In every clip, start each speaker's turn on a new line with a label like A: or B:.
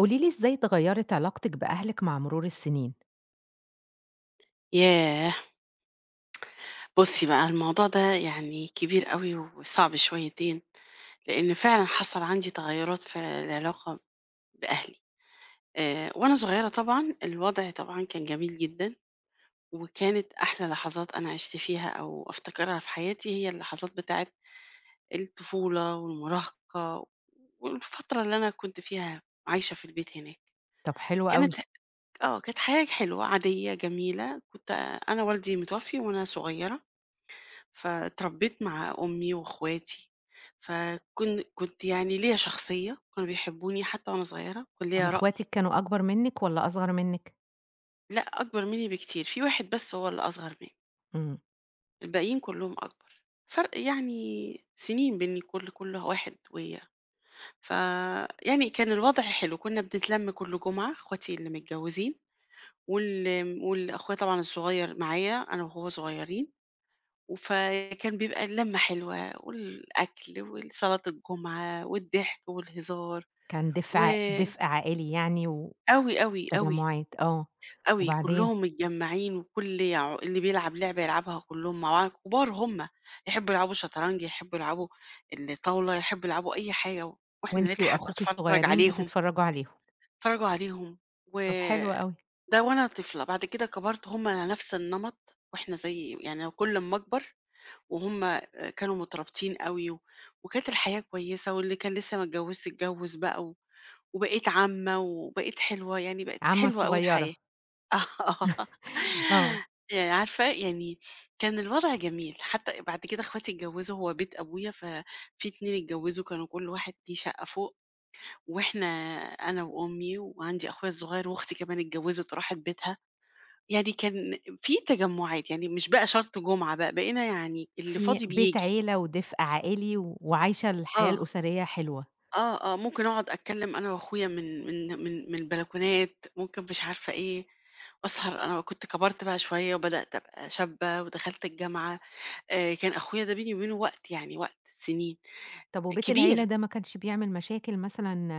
A: قولي لي إزاي اتغيّرت علاقتِك بأهلِك مع مرور السنين؟
B: ياه! بُصّي بقى الموضوع ده يعني كبير أوي وصعب شويتين، لإن فعلًا حصل عندي تغيُّرات في العلاقة بأهلي، آآ وأنا صغيّرة طبعًا، الوضع طبعًا كان جميل جدًا، وكانت أحلى لحظات أنا عِشت فيها أو أفتكرها في حياتي هي اللحظات بتاعة الطفولة والمراهقة و والفترة اللي أنا كنت فيها عايشة في البيت هناك،
A: طَب حلو أوي.
B: كانت ه آه كانت حياه حلوة عادية جميلة كنت أنا والدي متوّفي وأنا صغيّرة، فاتربّيت مع أمي وأخواتي، فكن كنت يعني ليّا شخصية وكانوا بيحبوني حتّى وأنا صغيّرة، وكان
A: طَب
B: ليّا رأي.
A: إخواتِك كانوا أكبر منِك والّا أصغر منِك؟
B: لأ أكبر مني بكتير، في واحد بس هو الأصغر م
A: إمم.
B: الباقيين كلّهم أكبر، فرْق يعني سنين بين ال كلّ كلّ واحد ويا فيعني كان الوضع حلو كنا بنتلَم كلّ جمعة إخواتي اللي متجوزين وال آمم وال أخويا طبعًا الصغيّر معايا أنا وهو صغيّرين وفكان بيبقى اللمّة حلوة والأكل والصلاة الجمعة والضحك والهزار،
A: كان دفء
B: و
A: ع دفء عائلي يعني
B: أوي، أوي، أوي.
A: وتجمّعات آه،
B: أوي
A: وبعدين؟
B: كلّهم متجمّعين وكلّ يع اللي بيلعب لعبة يلعبها كلّهم مع بعض، كبار هُم، يحبوا يلعبوا شطرنج، يحبوا يلعبوا الطاولة يحبوا يلعبوا أي حاجة، و وإحنا
A: وأنتِ
B: نضحك
A: وأخوكِ
B: ونتفرّج
A: الصغيّرين
B: عليهم.
A: بتتفرّجوا عليهم.
B: نتفرجوا عليهم و
A: طَب حلو أوي.
B: ده وأنا طفلة، بعد كده كبرت هُم على نفْس النمط وإحنا زي يعني كلّ أمّا أكبر وهُم كانوا مترابطين أوي وكانت الحياة كويسة واللي كان لسّه ما اتجوّزّش اتجوّز بقى و وبقيت عمّة وبقيت حلوة يعني بقِت
A: عمّة
B: حلوة أوي
A: صغيّرة.
B: الحياة، آه
A: آه.
B: يعني عارفة يعني كان الوضع جميل، حتّى بعد كده إخواتي اتجوّزوا هو بيت أبويا ففي 2 اتجوّزوا كانوا كلّ واحد ليه شقّة فوق، وإحنا أنا وأمي وعندي أخويا الصغيّر وأختي كمان اتجوّزت وراحت بيتها، يعني كان في تجمّعات يعني مش بقى شرط جمعة بقى بقينا يعني اللي
A: في
B: فاضي
A: بيت
B: بييجي.
A: عيلة ودفء عائلي وعايشة الحياة
B: آه.
A: الأسرية حلوة.
B: آه، آه، ممكن أقعد أتكلّم أنا وأخويا من من من من البلكونات، ممكن مش عارفة إيه، وأسهر أنا كنت كبرت بقى شوية وبدأت أبقى شابّه ودخلت الجامعة، آآ كان أخويا ده بيني وبينه وقت يعني وقت سنين،
A: طَب وبيت العيلة
B: كبير.
A: ده ما كانش بيعمل مشاكل مثلًا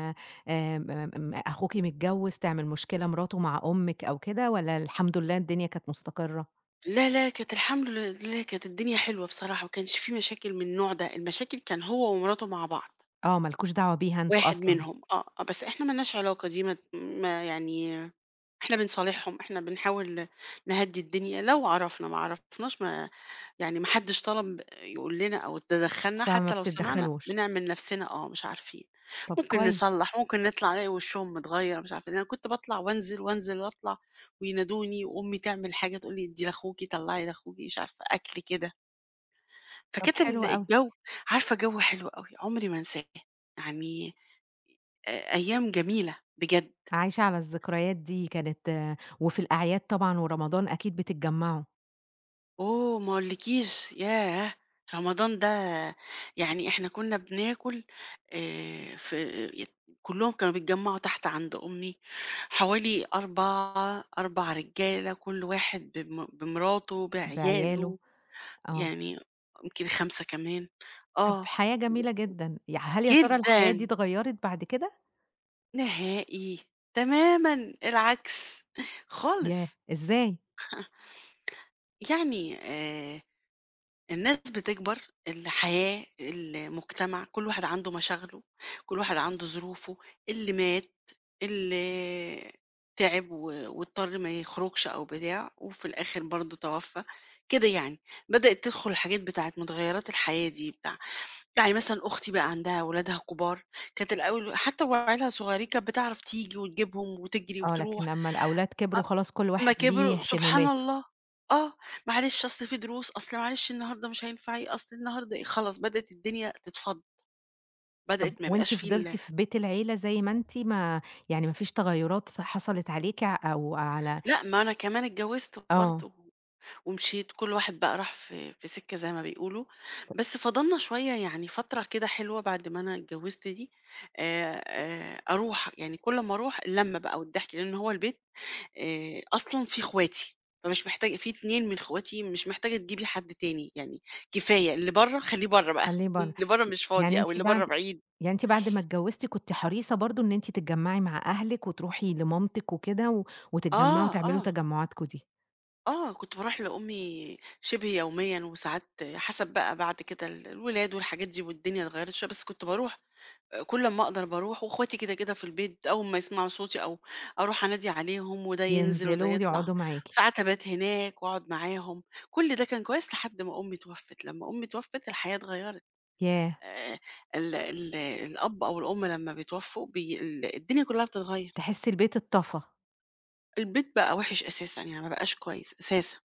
A: آمم، م أخوكِ متجوّز تعمل مشكلة مراته مع أمِك أو كده، والّا الحمد لله الدنيا كانت مستقرة؟
B: لا، لا كانت الحمد لله كانت الدنيا حلوة بصراحة، ما كانش في مشاكل من النوع ده المشاكل كان هو ومراته مع بعض.
A: آه ما لكوش دعوة بيها أنتم
B: واحد
A: أصلًا.
B: منهم، آه، آه، بس إحنا ما لناش علاقة دي ما ت ما يعني إحنا بنصالحهم إحنا بنحاول ن نهدّي الدنيا لو عرفنا ما عرفناش ما يعني ما حدش طلب يقول لنا أو تدخّلنا
A: فما
B: حتّى لو سمعنا
A: بتتدخلوش.
B: بنعمل نفْسنا آه، مش عارفين،
A: طَب
B: ممكن
A: كويس.
B: نصلّح، ممكن نطلع نلاقي وشّهم متغيّر مش عارفة، أنا كنت باطلع وأنزل، وأنزل وأطلع، وينادوني، وأمي تعمل حاجة تقول لي ادّي لأخوكِ طلّعي لأخوكِ، مش عارفة أكل كده.
A: طَب
B: فكانت
A: حلو
B: ال
A: أوي.
B: الجو عارفة جو حلو أوي عمري ما أنساه، يعني آآ أيام جميلة بجد.
A: عايشة على الذكريات دي كانت وفي الأعياد طبعًا ورمضان أكيد بتتجمّعوا.
B: أوه ما اقولِكيش، ياه! رمضان ده يعني إحنا كنا بناكل آآ في ي كلهم كانوا بيتجمعوا تحت عند أُمّي حوالي 4 4 رجالة كل واحد بم بمراته
A: بعياله،
B: بعياله.
A: آه.
B: يعني يمكن 5 كمان
A: طَب
B: آه
A: حياة
B: و و
A: جميلة جدًا، يع هل هي ترى الحياة دي
B: جدًا.
A: اتغيّرت بعد كده؟
B: نهائي. تمامًا العكس
A: ياه!
B: خالص.
A: إزاي؟
B: يعني آآ الناس بتكبر الحياة المجتمع كل واحد عنده مشاغله، كل واحد عنده ظروفه اللي مات، اللي تعب و واضطر ما يخرجش أو بتاع وفي الآخر برضه توفّى كده يعني، بدأت تدخل حاجات بتاعة مُتغيرات الحياة دي بتاع يعني مثلًا أختي بقى عندها ولادها كبار كانت الأول حتى وعيالها صغيرين كانت بتعرف تيجي وتجيبهم وتجرِي
A: آه،
B: وتروح.
A: لكن لما الأولاد كبروا خلاص كل
B: آه. أما
A: واحد ليه
B: كبروا سبحان
A: اهتماماته.
B: الله. آه، معلش أصل في دروس، أصل معلش النهاردة مش هينفع ي أصل النهاردة إيه خلاص، بدأت الدنيا تتفضّ.
A: طَب
B: بدأت ما يبقاش
A: وأنتِ
B: في
A: فضلتِ
B: ال
A: في بيت العيلة زَي ما أنتِ؟ ما يعني ما فيش تغيُّراات حصلت عليكِ أو على
B: لأ ما أنا كمان اتجوزت برضه.
A: آه.
B: و ومشيت كل واحد بقى راح في في سكة زي ما بيقولوا، بس
A: [unintelligible]
B: فضّلنا شوية يعني فترة كده حلوة بعد ما أنا اتجوزت دي، آآ، أروح يعني كل أما أروح، اللمّة بقى والضحك، لأن هو البيت آآ، أصلًا في اخواتي. فمش محتاج في 2 من أخواتي مش محتاجة تجيبي حد تاني، يعني كفاية اللي برّه خليه برّه بقى،
A: خليه برّه
B: اللي برّه مش
A: يعني
B: فاضي أو
A: أنتِ
B: اللي برّه
A: بعد
B: بعيد.
A: يعني أنتِ بعد ما اتجوزتِ كنتِ حريصة برضه إن أنتِ تتجمعي مع أهلِك وتروحي لمامتِك وكده و وتتجمعوا
B: آه،
A: وتعملوا
B: آه.
A: تجمُعاتكم دي؟
B: آه، كنت باروح لأمي شِبه يوميًا وساعات حَسَب بقى بعد كده ال الولاد والحاجات دي والدنيا اتغيّرت شوية، بس كنت باروح، آآ كل امّا أقدر باروح واخواتي كده، كده في البيت أول ما يسمعوا صوتي أو أروح أنادي عليهم وده ينزل وده
A: ينزلوا
B: يطلع،
A: ويقعُدوا معاكِ.
B: ساعات أبات هناك وأقعُد معاهم، كل ده كان كويس لحد ما أمي اتوفّت، لمّا أمي اتوفّت، الحياة اتغيّرت.
A: ياه!
B: آآ ال ال الأب أو الأم لمّا بيتوفّوا بي ال الدنيا كُلّها بتتغيّر.
A: تحسي البيت اتطفى.
B: البيت بقى وِحِش أساسًا، يعني ما بقاش كويس أساسًا،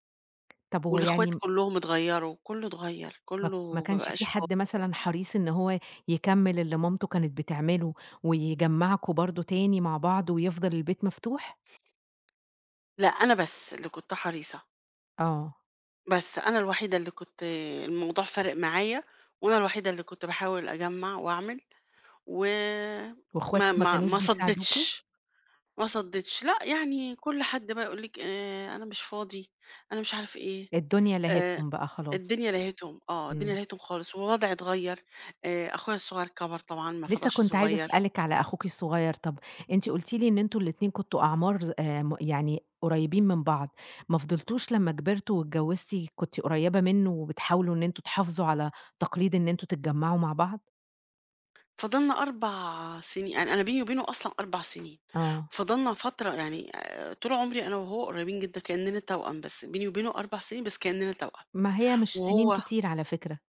A: طَب هو يعني
B: والاخوات
A: م
B: كُلّهم اتغيّروا، كُلّه اتغيّر،
A: ما ما
B: كُلّه ما
A: كانش في
B: بقاش فا
A: حد مثلًا حريص إن هو يكمِّل اللي مامته كانت بتعمله ويجمَّعكم برضه تاني مع بعض ويفضل البيت مفتوح؟
B: لأ، أنا بس اللي كنت حريصة.
A: آه.
B: بس أنا الوحيدة اللي كنت الموضوع فارق معايا وأنا الوحيدة اللي كنت باحاول أجمّع وأعمل. و
A: واخواتِك
B: ما
A: ما
B: ما
A: كانوش
B: ما
A: بيساعدوكِ؟
B: صدِّتش، ما صدِّتش. لأ، يعني كل حد بقى يقول لِك: "آآ أنا مش فاضي،" أنا مش عارف إيه.
A: الدنيا
B: آآ
A: لهِتهم بقى خلاص.
B: الدنيا لهِتهم ،آه، الدنيا
A: إمم.
B: لهِتهم خالص، ووضعي اتغيّر، آآ أخويا الصغير كَبَر طبعًا ما
A: لسّه
B: فضلش
A: كنت عايزة
B: صغير.
A: أسألِك على أخوكِ الصغير، طَب أنتِ قُلتِ لي إن أنتم ال2 كنتم أعمار ظ آمم يعني قريّبين من بعض، ما فضلتوش لمّا كبرتوا واتجوِّزتِ كنتِ قريّبة منّه وبتحاولوا إن أنتم تحافظوا على تقليد إن أنتم تتجمَّعوا مع بعض؟
B: فضَلنا 4 سني أ أنا بيني وبينه أصلًا 4 سنين،
A: آه.
B: فضَلنا فترة يعني آآ طول عمري أنا وهو قريّبين جدًا كإننا توأم، بس بيني وبينه 4 سنين بس كإننا توأم.
A: ما هي مش سنين
B: وهو
A: كتير على فكرة.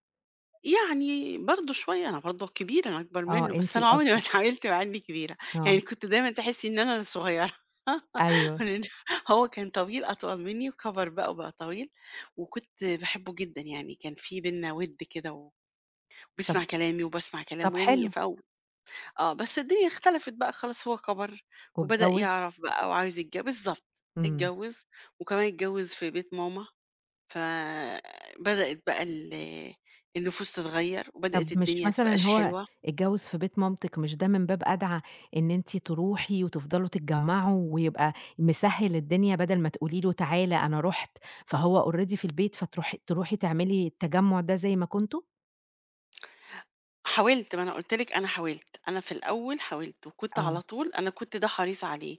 B: يعني برضه شوية أنا برضه الكبيرة أنا أكبر
A: آه،
B: منه، بس
A: أنتِ
B: أنا عمري ما
A: الأكبر.
B: اتعاملت معاه إني كبيرة، يعني
A: آه.
B: كنت دايمًا تحسّي إن أنا الصغيّرة،
A: أيوه.
B: [unintelligible] هو كان طويل أطول مني وكبر بقى وبقى طويل، وكنت باحبه جدًا يعني كان في بيننا ود كده، و بيسمع
A: طب
B: كلامي وباسمع
A: طب
B: كلامه يعني
A: حلو.
B: في أو آه، بس الدنيا اختلفت بقى خلاص هو كبر وبدأ
A: واتجوّز.
B: يعرف بقى وعايز يتج بالضبط،
A: إمم.
B: اتجوّز، وكمان اتجوّز في بيت ماما، فبدأت بقى ال النفوس تتغيّر
A: طب
B: وبدأت
A: مش
B: الدنيا ما
A: مثلًا
B: تبقاىش
A: هو
B: حلوة.
A: اتجوّز في بيت مامتِك مش ده من باب أدعى إن أنتِ تروحي وتفضلو تتجمّعوا ويبقى مسهِّل الدنيا بدل ما تقولي له تعالَ أنا رُحت، فهو already في البيت فتروحي تروحي تعملي التجمُّع ده زي ما كنتم؟
B: حاولت ما أنا قُلت لِك أنا حاولت، أنا في الأول حاولت وكنت على
A: آه.
B: طول أنا كنت ده حريص عليه،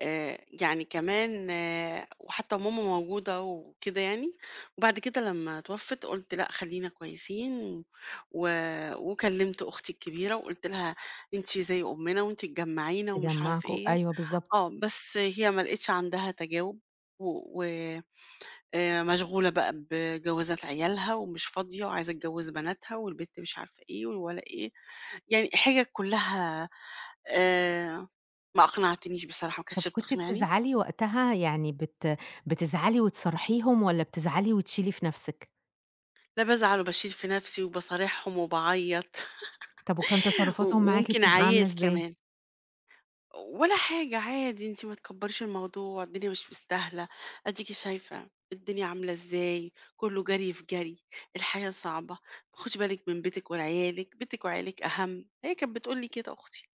B: آآ يعني كمان آآ وحتّى وماما موجودة وكده يعني، وبعد كده لمّا اتوفِّت قُلت لأ خلّينا كويسين، و وكلّمت أختي الكبيرة وقُلت لها أنتِ زي أمّنا وأنتِ تجمّعينا ومش عارف
A: تجمّعكم
B: إيه،
A: أيوه بالضبط.
B: آه بس هي ما لقيتش عندها تجاوب، و آآ مشغولة بقى بجوازات عيالها ومش فاضية وعايزة تجوّز بناتها والبنت مش عارفة إيه والولا إيه، يعني حِجج كلّها آآ ما أقنعتنيش بصراحة ما
A: طب
B: كانتش
A: كنتِ
B: بتقنعني.
A: بتزعلي وقتها؟ يعني بت بتزعلي وتصارحيهم، والّا بتزعلي وتشيلي في نفْسِك؟
B: لا، بازعل، وباشيل في نفسي، وباصارحهم، وباعيّط،
A: طَب وكان
B: و
A: تصرفاتهم معاكِ
B: وممكن
A: بتبقى عاملة
B: عييت
A: إزاي؟
B: كمان. ولا حاجة، عادي، "أنتِ ما تكبّريش الموضوع، الدنيا مش مستاهلة، أديكِ شايفة الدنيا عاملة إزاي، كله جري في جري، الحياة صعبة، خُدِ بالِك من بيتِك وعيالِك، بيتِك وعيالِك أهَم" هي كانت بتقول لي كده أختي.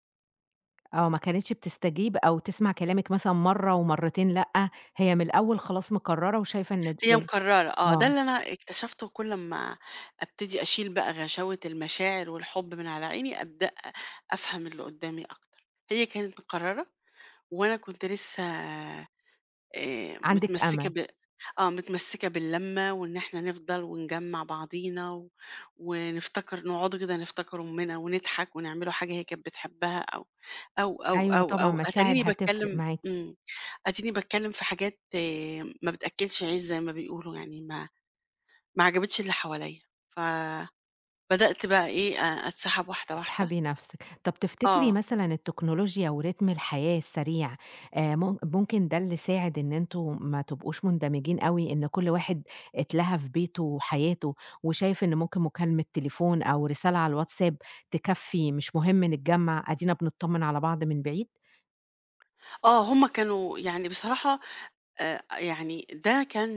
A: آه، ما كانتش بتستجيب، أو تسمع كلامِك، مثلًا مرة ومرتين، لأ، هي من الأول خلاص مقررة، وشايفة إن
B: هي
A: ده
B: مقررة، آه، ده
A: آه.
B: اللي أنا اكتشفته، كل اما أبتدي أشيل بقى غشاوة المشاعر والحب من على عيني، أبدأ أفهم اللي قدامي أكتر، هي كانت مقررة، وأنا كنت لسه آآ
A: عندِك
B: متمسكة
A: أمل.
B: ب آه، متمسكة باللمة، وإن إحنا نفضل، ونجمّع بعضينا، و ونفتكر، نقعدوا كده نفتكر أٌمنا، ونضحك، ونعمل حاجة هي كانت بتحبها، أو أو أو
A: أيوه
B: أو
A: طبعًا
B: أو
A: مشاعر
B: أتاريني
A: هتفرق
B: باتكلم
A: معاكِ.
B: إمم، أديني باتكلم في حاجات ما بتأكّلش عيش، زي ما بيقولوا يعني، ما ما عجبتش اللي حواليا، ف بدأت بقى إيه، أ أتسحّب واحدة واحدة.
A: تسحبي نفسِك، طب تفتكرِي
B: آه.
A: مثلًا التكنولوجيا وريتم الحياة السريع، آآ مم ممكن ده اللي ساعد إن أنتم ما تبقوش مندمجين أوي، إن كل واحد اتلَهَى في بيتُه وحياته، وشايف إن ممكن مكالمة تليفون أو رسالة على الواتساب تكفّي، مش مهم نتجمع، أدينا بنتطّمن على بعض من بعيد؟
B: آه هم كانوا يعني بصراحة آآ يعني ده كان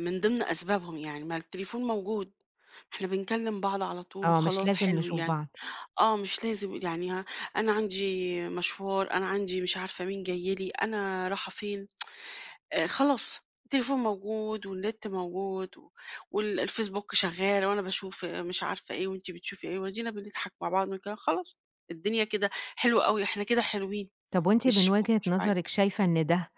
B: من ضمن أسبابهم يعني ما التليفون موجود. إحنا بنكلم بعض على طول
A: آه مش
B: وخلاص
A: لازم
B: حلو
A: نشوف
B: يعني،
A: بعض.
B: آه مش لازم يعني ه أنا عندي مشوار، أنا عندي مش عارفة مين جاي لي، أنا رايحة فين آآ، خلاص التليفون موجود والنت موجود و وال الFacebook شغّال وأنا باشوف مش عارفة إيه وأنتِ بتشوفي إيه، وأدينا بنضحك مع بعض ونتكلم خلاص، الدنيا كده حلو أوي، إحنا كده حلوين.
A: طب وأنتِ من
B: مش ب
A: وجهة
B: مش بُعاد.
A: نظرِك شايفة إن ده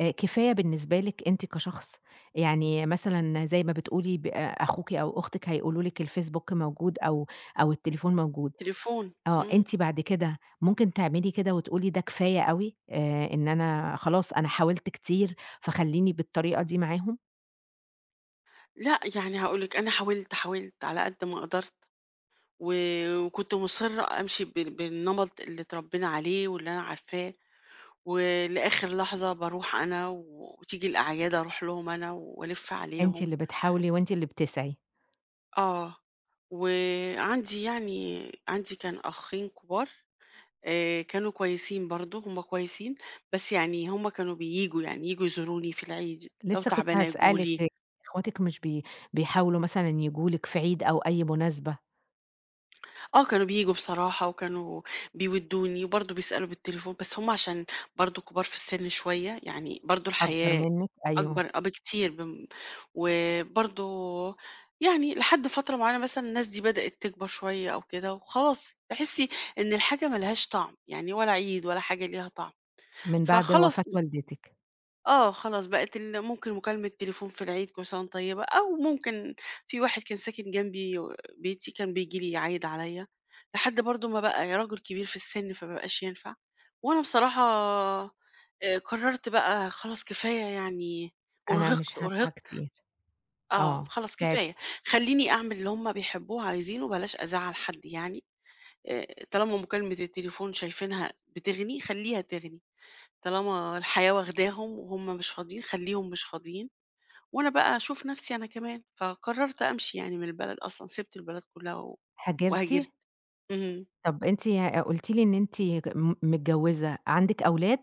A: آآ، كفاية بالنسبة لِك أنتِ كشخص، يعني مثلًا زي ما بتقولي ب أخوكِ أو أختِك هيقولوا لِك الFacebook موجود أو أو التليفون موجود.
B: التليفون
A: آه،
B: امم.
A: أنتِ بعد كده ممكن تعملي كده وتقولي ده كفاية أوي، آآ، إن أنا خلاص أنا حاولت كتير فخلّيني بالطريقة دي معاهم؟
B: لأ يعني هاقول لِك أنا حاولت، حاولت على قد ما قدرت. و وكنت مُصرّة أمشي بال بالنمط اللي اتربينا عليه واللي أنا عارفاه. ولآخر لحظة باروح أنا وتيجي الأعياد أروح لهم أنا وألِّف
A: أنتِ
B: عليهم.
A: اللي بتحاولي وأنتِ اللي بتسعِي.
B: آه، وعندي يعني عندي كان أخين كبار، آآ كانوا كويسين برضه، هُم كويسين، بس يعني هُم كانوا بييجوا، يعني ييجوا يزوروني في العيد، لو
A: لسه كنت
B: تعبانة ييجوا
A: هاسألِك،
B: لي.
A: أخواتك مش بي بيحاولوا مثلًا ييجوا لِك في عيد أو أي مناسبة؟
B: آه، كانوا بييجوا بصراحة، وكانوا بيوِّدوني، وبرضه بيسألوا بالتليفون، بس هُم عشان برضه كبار في السن شوية، يعني برضه
A: أكبر
B: الحياة
A: منِك أيوه.
B: أكبر آه، بكتير بم وبرضه يعني لحد فترة معينة مثلًا، الناس دي بدأت تكبر شوية أو كده، وخلاص تحسّي إن الحاجة ما لهاش طعم يعني، ولا عيد ولا حاجة ليها طعم،
A: من بعد
B: فخلاص
A: وفاة والدتِك.
B: آه، خلاص بقت ال ممكن مكالمة التليفون في العيد، "كل سنة وأنتِ طيبة"، أو ممكن في واحد كان ساكن جنبي بيتي، كان بييجي لي يعيّد عليّا، لحد برضه ما بقى راجل كبير في السن، فما بقاش ينفع، وأنا بصراحة، آآ، قررت بقى خلاص، كفاية يعني،
A: أنا مش
B: أُرهقت،
A: هاسعى
B: أُرهقت،
A: كتير
B: آه،
A: آه،
B: خلاص كفاية،
A: تعبتِ.
B: خلّيني أعمل اللي هُم بيحبوه وعايزينه، وبلاش أزعّل حد يعني، آآ، طالما مكالمة التليفون شايفينها بتغني، خلّيها تغني، طالما الحياة واخداهم، وهُم مش فاضيين، خلّيهم مش فاضيين، وأنا بقى أشوف نفسي أنا كمان، فقررت أمشي يعني من البلد أصلًا، سِبت البلد كلها، و
A: هاجرتِ؟
B: وهاجرت، اهم.
A: طَب، أنتِ قُلتِ لي إن أنتِ ك م متجوزة، عندِك أولاد؟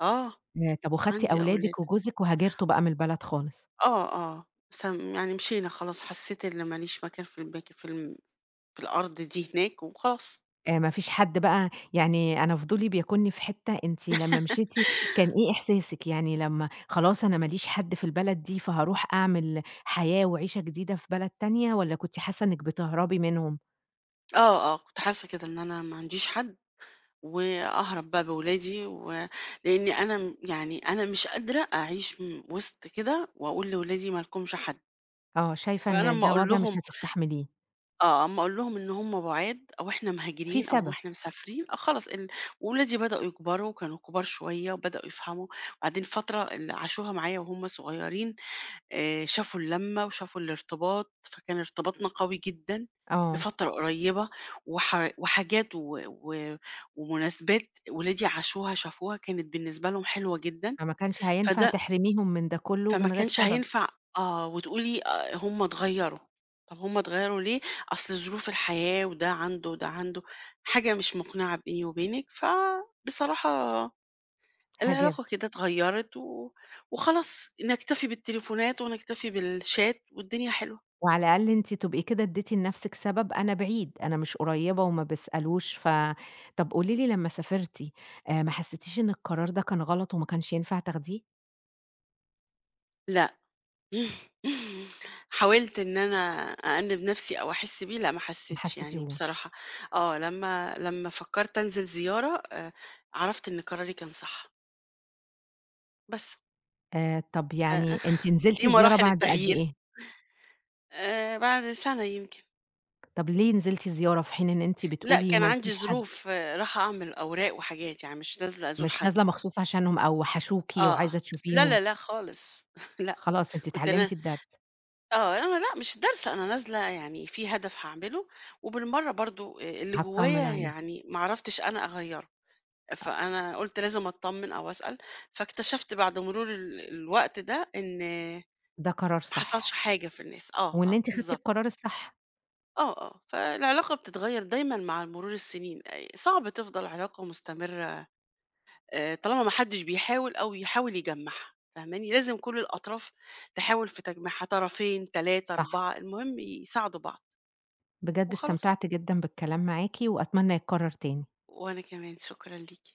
B: آه.
A: ياه! طَب وأخدتِ
B: عندي أولاد.
A: أولادِك وجوزِك وهاجرتوا بقى من البلد خالص؟
B: آه، آه. سام يعني مشينا خلاص، حسّيت إن ما ليش مكان في البيت في الم في الأرض دي هناك وخلاص.
A: آآ ما فيش حد بقى يعني أنا فضولي بياكُلني في حتّة أنتِ لمّا مشيتِ كان إيه إحساسِك يعني لمّا خلاص أنا ما ليش حد في البلد دي، فهاروح أعمل حياة وعيشة جديدة في بلد تانية والّا كنتِ حاسّة إنِّك بتهربِي منهم؟
B: آه، آه، كنت حاسّة كده إن أنا ما عنديش حد وأهرب بقى بولادي، ولإن أنا م يعني أنا مش قادرة أعيش م وِسط كده وأقول لولادي ما لكمش حد.
A: آه، شايفة
B: فأنا
A: إن
B: أمّا
A: ده
B: أقول
A: وَضْع مش
B: لهم
A: هتستحمليه.
B: آه، أمّا أقول لهم إن هم بُعاد أو إحنا
A: في
B: مهاجرين أو
A: سبب.
B: إحنا مسافرين، آه، خلاص ال ولادي بدؤوا يكبروا وكانوا كُبار شوية وبدؤوا يفهموا وبعدين فترة اللي عاشوها معايا وهُم صغيرين، آآ شافوا اللمّة وشافوا الارتباط، فكان ارتباطنا قوي جدًا
A: آه.
B: لفترة قريبة وح وحاجات و و ومناسبات ولادي عاشوها شافوها كانت بالنسبة لهم حلوة جدًا.
A: فما كانش هينفع
B: فده
A: تحرميهم من ده كُلّه
B: فما
A: من غير
B: كانش
A: سبب.
B: هينفع آه، وتقولي آآ هم اتغيّروا، طَب هم اتغيّروا ليه؟ أصل ظروف الحياة وده عنده وده عنده، حاجة مش مُقنعة بيني وبينِك، فبصراحة العلاقة
A: هاجرتِ.
B: كده اتغيّرت و وخلاص نكتفي بالتليفونات ونكتفي بالchat والدنيا حلوة.
A: وعلى الأقل أنتِ تبقي كده ادّيتِ لنَفْسِك سبب أنا بعيد، أنا مش قريّبة وما بيسألوش ف طَب قولي لي لمّا سافرتِ، آآ ما حسّتيش إن القرار ده كان غلط وما كانش ينفع تاخديه؟
B: لأ. حاولت إن أنا أأنِّب نفْسي أو أحس بيه لأ ما
A: ما
B: حسّيتش يعني
A: حسّيتيهوش.
B: بصراحة، آه لمّا لمّا فكّرت أنزل زيارة آآ، عرفت إن قراري كان صح. بس.
A: آآ طَب
B: أ
A: يعني أنتِ نزلتِ
B: دي
A: زيارة
B: مراحل
A: بعد قد
B: التغيير.
A: إيه؟
B: آآ بعد سنة يمكن.
A: طَب ليه نزلتِ الزيارة في حين إن أنتِ
B: لأ
A: بتقولي
B: كان
A: ما
B: عندي
A: لكيش حد؟
B: ظروف، رايحة أعمل أوراق وحاجات يعني مش نازلة أزور
A: مش
B: حد.
A: نازلة مخصوص عشانهم أو وحشوكِ
B: آه، آه.
A: وعايزة
B: لا،
A: تشوفيهم.
B: لا، لا، خالص، لأ،
A: خلاص أنتِ
B: كنت أنا
A: اتعلّمتِ الدرس.
B: آه، أنا لأ مش دارسة، أنا نازلة يعني في هدف هاعمله، وبالمَرّة برضه آآ، اللي
A: هاتطمّن
B: جوايا
A: عليه.
B: يعني ما عرفتش أنا أغيّره، فأنا قُلت لازم أتطمن أو أسأل، فاكتشفت بعد مرور ال الوقت ده إن
A: ده قرار
B: ما حصلش
A: صح.
B: حاجة في الناس، آه،
A: وإن
B: آه،
A: أنتِ خدتِ
B: بالضبط.
A: القرار الصح.
B: آه، آه، فالعلاقة بتتغيّر دايمًا مع مرور السنين، صعب تفضل علاقة مستمرة آآ طالما ما حدش بيحاول أو يحاول يجمّعها، فاهماني، لازم كلّ الأطراف تحاول في تجميعها، طرَفين تلاتة،
A: صح.
B: أربعة المهم يساعدوا بعض.
A: بجد
B: وخلاص.
A: استمتعت جدًا بالكلام معاكِ، وأتمنى يتكرر تاني.
B: وأنا كمان، شكرًا ليكِ.